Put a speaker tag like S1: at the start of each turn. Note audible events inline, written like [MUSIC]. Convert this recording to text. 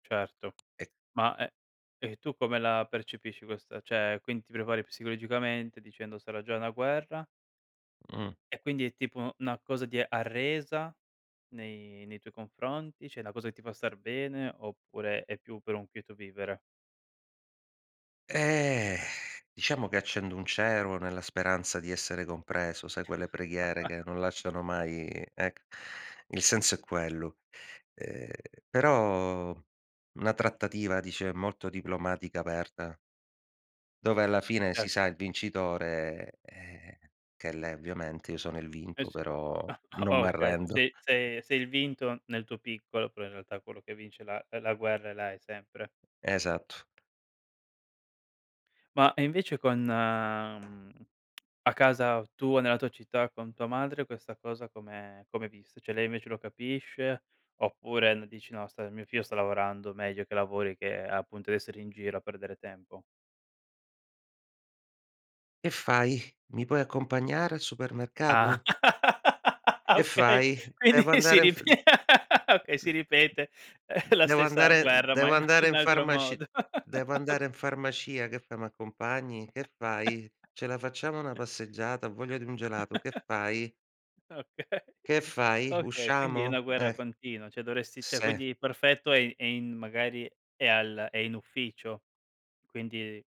S1: Certo.
S2: E
S1: Ma e e tu come la percepisci questa cioè quin ti prepari psicologicamente dicendo sarà già una guerra?
S2: Mh.
S1: E quindi è tipo 'na cosa di arresa nei nei tuoi confronti? Cioè una cosa che ti fa star bene oppure è più per un quieto vivere?
S2: Ehm. [SIGHS] Diciamo che accendo un cero nella speranza di essere compreso, sai quelle preghiere che non
S1: [CHUCKLES]
S2: lasciano mai ecc il senso è quello. Ehm, però una trattativa dice molto diplomatica aperta. Dove alla fine si
S1: Cer
S2: sa il vincitore, eh, [SIGHS] che è lei ovviamente, io sono il
S1: Eh
S2: vinto,
S1: s
S2: però
S1: ah,
S2: non
S1: ah okay,
S2: m'arrendo.
S1: sei sei sei il vinto nel tuo piccolo, però in realtà quello che vince la, ehm, la guerra è lei sempre.
S2: Esatto.
S1: Ma, e invece con, mhmm, a casa tua, nella tua città con tua madre, questa cosa come come è vista? Cioè, lei invece lo capisce, oppure n dici: "No st mio figlio sta lavorando, meglio che lavori, che appunto essere in giro a perdere tempo".
S2: Che fai? Mi puoi accompagnare al
S1: Ah
S2: supermercato?
S1: [LAUGHS] ah,
S2: "che
S1: okay.
S2: fai?
S1: Quindi
S2: Devo
S1: si
S2: andare in
S1: rip
S2: f"
S1: okay, si ripete la
S2: "Devo
S1: stessa
S2: andare
S1: guerra, ma
S2: devo andare
S1: in
S2: in
S1: altro
S2: farmaci
S1: modo,
S2: devo
S1: ok
S2: andare in farmacia. Che fai? Mi accompagni? Che fai?
S1: [CHUCKLES]
S2: Ce la facciamo una passeggiata? Ho voglia di un gelato. Che
S1: [CHUCKLES]
S2: fai?"
S1: Okay, [CHUCKLES]
S2: "Che fai?
S1: okay. Quindi è una
S2: Usciamo?"
S1: guerra
S2: E
S1: continua, cioè dovresti cioè
S2: se.
S1: quindi perfetto è è in magari è al è in ufficio. Quindi